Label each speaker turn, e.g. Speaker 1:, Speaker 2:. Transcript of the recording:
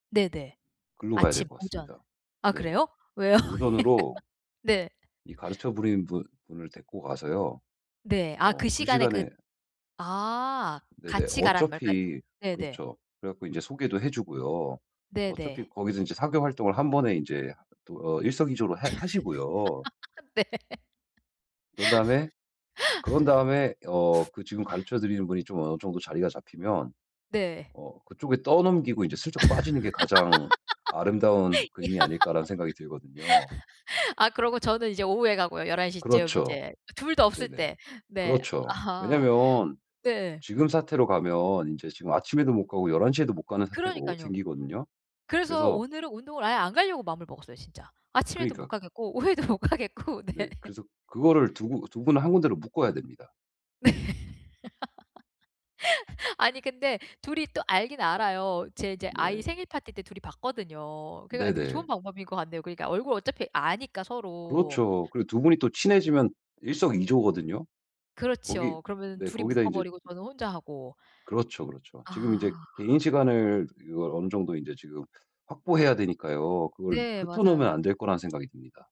Speaker 1: 네네.
Speaker 2: 글로 가야 될
Speaker 1: 아침
Speaker 2: 것
Speaker 1: 오전.
Speaker 2: 같습니다.
Speaker 1: 아
Speaker 2: 네.
Speaker 1: 그래요? 왜요?
Speaker 2: 오전으로
Speaker 1: 네.
Speaker 2: 이 가르쳐 부린 분 분을 데리고 가서요
Speaker 1: 네. 아 그
Speaker 2: 어 그
Speaker 1: 시간에 그
Speaker 2: 시간에
Speaker 1: 아
Speaker 2: 네네.
Speaker 1: 같이 가라는 말 그니까
Speaker 2: 어차피
Speaker 1: 네네.
Speaker 2: 그렇죠. 그래 갖고 이제 소개도 해 주고요. 어차피
Speaker 1: 네네.
Speaker 2: 거기서 인제 사교 활동을 1 번에 인제 또 어 일석이조로 해 하시고요.
Speaker 1: 네.
Speaker 2: 그런 다음에 그런 다음에 어 그 지금 가르쳐 드리는 분이 좀 어느 정도 자리가 잡히면
Speaker 1: 네.
Speaker 2: 어 '그쪽에 떠넘기고 인제 슬쩍 빠지는 게 가장 아름다운
Speaker 1: 야.
Speaker 2: 그림이 아닐까?'라는 생각이 들거든요.
Speaker 1: 아 그러고 저는 이제 오후에 가고요 11 시쯤
Speaker 2: 그렇죠.
Speaker 1: 이제 2 다 없을
Speaker 2: 네네.
Speaker 1: 때. 네.
Speaker 2: 그렇죠.
Speaker 1: 아
Speaker 2: 왜냐면
Speaker 1: 네.
Speaker 2: 지금 사태로 가면 인제 지금 아침에도 못 가고 11:00 에도 못 가는 사태가 오
Speaker 1: 그러니깐요.
Speaker 2: 생기거든요.
Speaker 1: 그래서
Speaker 2: 그래서
Speaker 1: 오늘은 운동을 아예 안 가려고 마음을 먹었어요 진짜. 아침에도 못
Speaker 2: 그러니까.
Speaker 1: 가겠고 오후에도 못 가겠고
Speaker 2: 네
Speaker 1: 네.
Speaker 2: 그래서 그거를 두고 2 분을 1 군데로 묶어야 됩니다.
Speaker 1: 네. 아니 근데 2 이 또 알기는 알아요. 제 인제 아이
Speaker 2: 네.
Speaker 1: 생일파티 때 2 이 봤거든요. 그러니까 되게 좋은
Speaker 2: 네네.
Speaker 1: 방법인 것 같네요 그러니까 얼굴 어차피 아니까 서로.
Speaker 2: 그렇죠. 그리고 2 분이 또 친해지면 일석이조거든요. 거기
Speaker 1: 그렇죠. 그러면은
Speaker 2: 네,
Speaker 1: 2 이
Speaker 2: 거기다 인제
Speaker 1: 묶어버리고 저는 혼자 하고
Speaker 2: 그렇죠, 그렇죠. 지금 인제
Speaker 1: 아.
Speaker 2: 개인 시간을 이걸 어느 정도 인제 지금 확보해야 되니까요 그걸
Speaker 1: 네
Speaker 2: 흩어 놓으면
Speaker 1: 맞아요.
Speaker 2: 안 될 거라는 생각이 듭니다.